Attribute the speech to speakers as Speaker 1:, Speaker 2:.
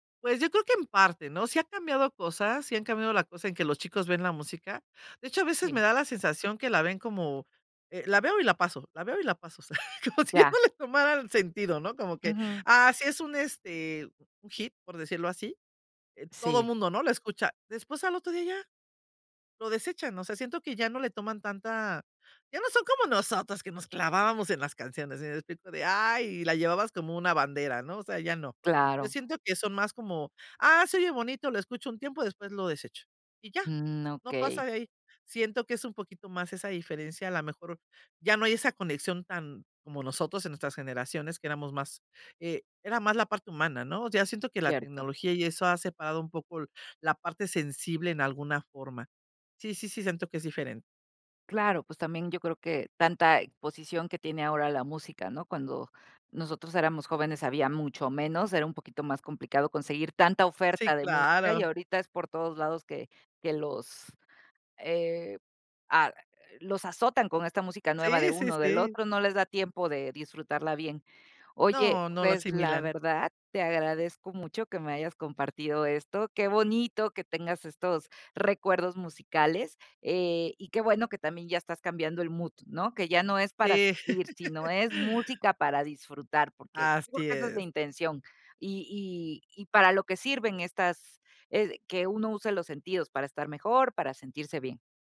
Speaker 1: Pues, yo creo que en parte, ¿no? Sí ha cambiado cosas, sí han cambiado la cosa en que los chicos ven la música. De hecho, a veces,
Speaker 2: Si.
Speaker 1: me da la sensación que la ven como: "Eh, la veo y la paso, la veo y la paso". O sea, como
Speaker 2: Mm,
Speaker 1: si ya
Speaker 2: ya.
Speaker 1: no le tomara el sentido, ¿no? Como que,
Speaker 2: Ujú.
Speaker 1: ah, sí es un, este, un hit, por decirlo así, eh, todo el
Speaker 2: Si.
Speaker 1: mundo, ¿no?, lo escucha. Después, al otro día, ya lo desechan, o sea, siento que ya no le toman tanta ya no son como nosotros, que nos clavábamos en las canciones, ¿sí me explico?, de, ay, la llevabas como una bandera, ¿no? O sea, ya no. Yo
Speaker 2: Claro.
Speaker 1: siento que son más como: "Ah, se oye bonito, lo escucho un tiempo, después lo desecho", y ya,
Speaker 2: Mm,
Speaker 1: no pasa
Speaker 2: okey.
Speaker 1: de ahí. Siento que es un poquito más esa diferencia, a la mejor, ya no hay esa conexión tan como nosotros en nuestras generaciones, que éramos más, eh, era más la parte humana, ¿no? O sea, siento que la
Speaker 2: Cierto.
Speaker 1: tecnología y eso ha separado un poco la parte sensible en alguna forma. Sí, sí, sí, siento que es diferente.
Speaker 2: Claro, pues, también yo creo que tanta exposición que tiene ahora la música, ¿no? Cuando nosotros éramos jóvenes, había mucho menos, era un poquito más complicado conseguir tanta
Speaker 1: Sí,
Speaker 2: oferta de música y
Speaker 1: claro.
Speaker 2: ahorita es por todos lados que que que los, eh, ah, los azotan con esta música nueva de
Speaker 1: Sí, sí,
Speaker 2: uno del
Speaker 1: sí.
Speaker 2: otro, no les da tiempo de disfrutarla bien. Oye,
Speaker 1: No, no la
Speaker 2: pues, la
Speaker 1: asimilan.
Speaker 2: verdad, te agradezco mucho que me hayas compartido esto. Qué bonito que tengas estos recuerdos musicales, eh, y qué bueno que también ya estás cambiando el mood, ¿no? Que ya no es para
Speaker 1: Sí.
Speaker 2: sufrir, sino es música para disfrutar, porque, creo
Speaker 1: Así
Speaker 2: que esa es la
Speaker 1: es.
Speaker 2: intención, y y y para lo que sirven estas eh, que uno use los sentidos para estar mejor, para sentirse bien.